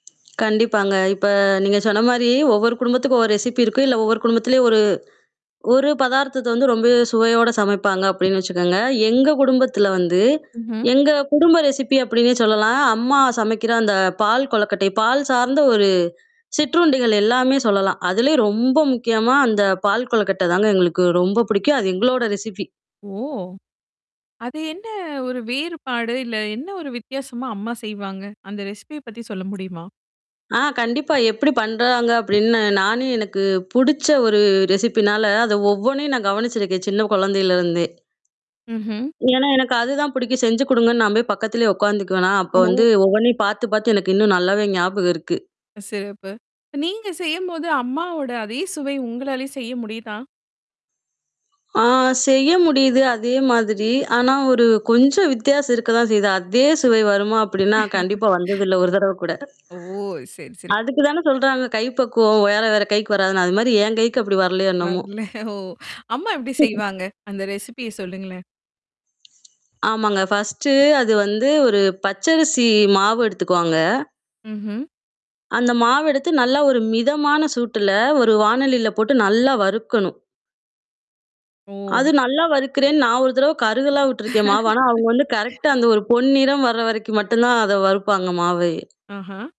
கண்டிப்பாங்க. இப்ப நீங்க சொன்ன மாரி, ஒவ்வொரு குடும்பத்துக்கும் ஒரு ரெசிப்பீ இருக்கும். இல்ல ஒவ்வொரு குடும்பத்துலயும் ஒரு ஒரு பதார்த்தத்த வந்து ரொம்பவே சுவையோட சமைப்பாங்க அப்டீன்னு வச்சுக்கோங்க. எங்க குடும்பத்துல வந்து, ம்ஹ்ம். எங்க குடும்ப ரெசிப்பீ அப்படீன்னும் சொல்லலாம். அம்மா சமைக்கிற அந்தப் பால் கொழக்கட்டை பால் சார்ந்த ஒரு சிற்றுண்டிகள் எல்லாமே சொல்லலாம். அதுலயும் ரொம்ப முக்கியமா, அந்தப் பால் கொழக்கட்டை தாங்க எங்களுக்கு ரொம்ப பிடிக்கும். அது எங்களோட ரெசிப்பீ ஓ! அது என்ன ஒரு வேறுபாடு? இல்ல என்ன ஒரு வித்தியாசமா அம்மா செய்வாங்க? அந்த ரெஸிப்பீய பத்தி சொல்ல முடியுமா? ஆ, கண்டிப்பா எப்படி பண்றாங்க அப்படின்னு நானும், எனக்குப் புடிச்ச ஒரு ரெஸிப்பீனால அத ஒவ்வொண்ணையும் நான் கவனிச்சிருக்கேன். சின்னக் கொழந்தையில இருந்தே. ம்ஹ்ம். ஏன்னா, எனக்கு அதுதான் புடிக்கும். செஞ்சு கொடுங்கன்னு நான் போய் பக்கத்துலயே உக்காந்துக்குவேனா! அப்ப வந்து ஓ. ஒவ்வொண்ணையும் பாத்துப் பாத்து எனக்கு இன்னும் நல்லாவே ஞாபகம் இருக்கு. சிறப்பு. ப்ப நீங்கச் செய்யும்போது, அம்மாவோட அதே சுவை உங்களாலயும் செய்ய முடியுதா? ஆ, செய்ய முடியுது. அதே மாதிரி. ஆனா ஒரு, கொஞ்சம் வித்தியாசம் இருக்கத்தான் செய்யுது. அதே சுவை வருமா அப்படின்னா, கண்டிப்பா வந்தது இல்லை ஒரு தரவ கூட. ஓ. சரி சரி. அதுக்குதானே சொல்றாங்க, கைப்பக்குவம் வேற வேற கைக்கு வராதுன்னு. அது மாரி என் கைக்கு அப்டி வரலையோ! என்னமோ? வரல ஓ! அம்மா எப்படி செய்வாங்க? அந்த ரெஸிப்பீய சொல்லுங்களேன். ஆமாங்க. ஃபர்ஸ்டு அது வந்து ஒரு பச்சரிசி மாவு எடுத்துக்குவாங்க. ம்ஹ்ம். அந்த மாவு எடுத்து, நல்லா ஒரு மிதமான சூட்டுல ஒரு வாணலில போட்டு நல்லா வறுக்கணும். அது ஓ. நல்லா வறுக்கிறேன்னு, நான் ஒரு தரவை கருகலாம் விட்டுருக்கேன் மாவ. ஆனா, அவங்க வந்து கரெக்ட்டா அந்த ஒரு பொன் நிறம் வர வரைக்கும் மட்டும் தான் அத வறுப்பாங்க மாவயே! ஆஹ.